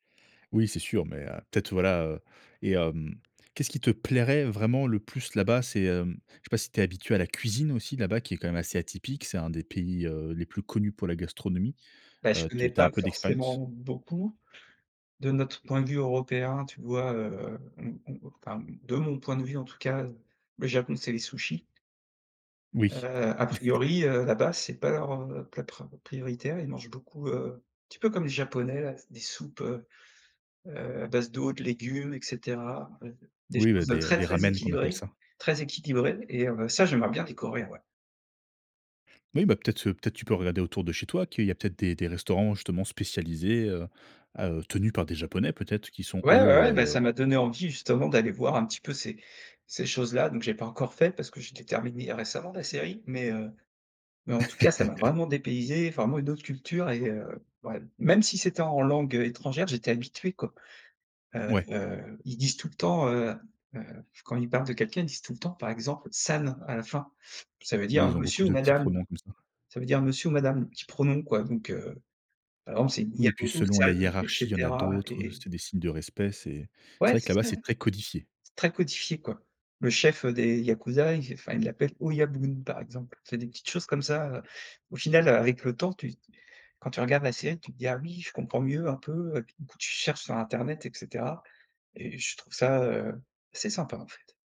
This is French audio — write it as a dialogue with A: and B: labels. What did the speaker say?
A: Oui, c'est sûr, mais heu, peut être voilà, heu, et hem, qu'est-ce qui te plairait vraiment le plus là bas? C'est, hem, je sais pas si tu es habitué à la cuisine aussi là bas, qui est quand même assez atypique? C'est un des pays, heu, les plus connus pour la gastronomie.
B: Bah je
A: Heu, tu
B: connais
A: tu as un
B: pas
A: peu d'expérience?
B: forcément beaucoup de notre point de vue européen, tu vois? Heu, enfin de mon point de vue en tout cas, le Japon c'est les sushis.
A: Oui
B: Heu, à priori, heu, la base c'est pas leur plat pra prioritaire, ils mangent beaucoup, heu, un petit peu comme les japonais là, des soupes, heu heu, à base d'eau, de légumes et cetera, des
A: Oui, bah
B: choses
A: des
B: très
A: des
B: très
A: ramens qu'on appelle
B: équilibrées
A: ça.
B: très équilibrées et heu, ça j'aimerais bien découvrir, ouais.
A: Oui, bah peut être, heu, peut être tu peux regarder autour de chez toi qu'il y a peut être des des restaurants justement spécialisés, heu heu, tenus par des Japonais peut être qui sont
B: Ouais, ouais, ouais, bah
A: eux
B: ça m'a donné envie justement d'aller voir un petit peu ces ces choses là, donc j'ai pas encore fait parce que je l'ai terminé récemment la série, mais heu, mais en tout cas ça m'a vraiment dépaysé, vraiment une autre culture et heu, ouais, même si c'était en langue, heu, étrangère j'étais habitué, quoi. Heu
A: Ouais.
B: heu, ils disent tout le temps, heu heu, quand ils parlent de quelqu'un ils disent tout le temps par exemple «san» à la fin ça veut
A: Oui,
B: dire
A: ils ont
B: monsieur
A: beaucoup
B: ou
A: de petits
B: madame
A: pronoms, comme ça.
B: ça veut dire monsieur ou madame, petit pronom quoi donc heu, par exemple c'est
A: Oui, puis
B: Niamaoto
A: selon la
B: san et
A: hiérarchie, il y en a
B: cetera
A: d'autres, heu,
B: et
A: c'est des signes de respect. C'est c'est
B: Ouais
A: vrai que
B: c'est
A: là bas,
B: ça,
A: c'est très codifié.
B: c'est très codifié, quoi. Le chef des yakuza, ils enfin ils l'appellent «oyabun» par exemple, c'est des petites choses comme ça, heu, au final avec le temps, tu quand tu regardes la série, tu te dis: «Ah oui je comprends mieux un peu». Du coup, tu cherches sur internet et cetera et je trouve ça, heu, assez sympa, en fait.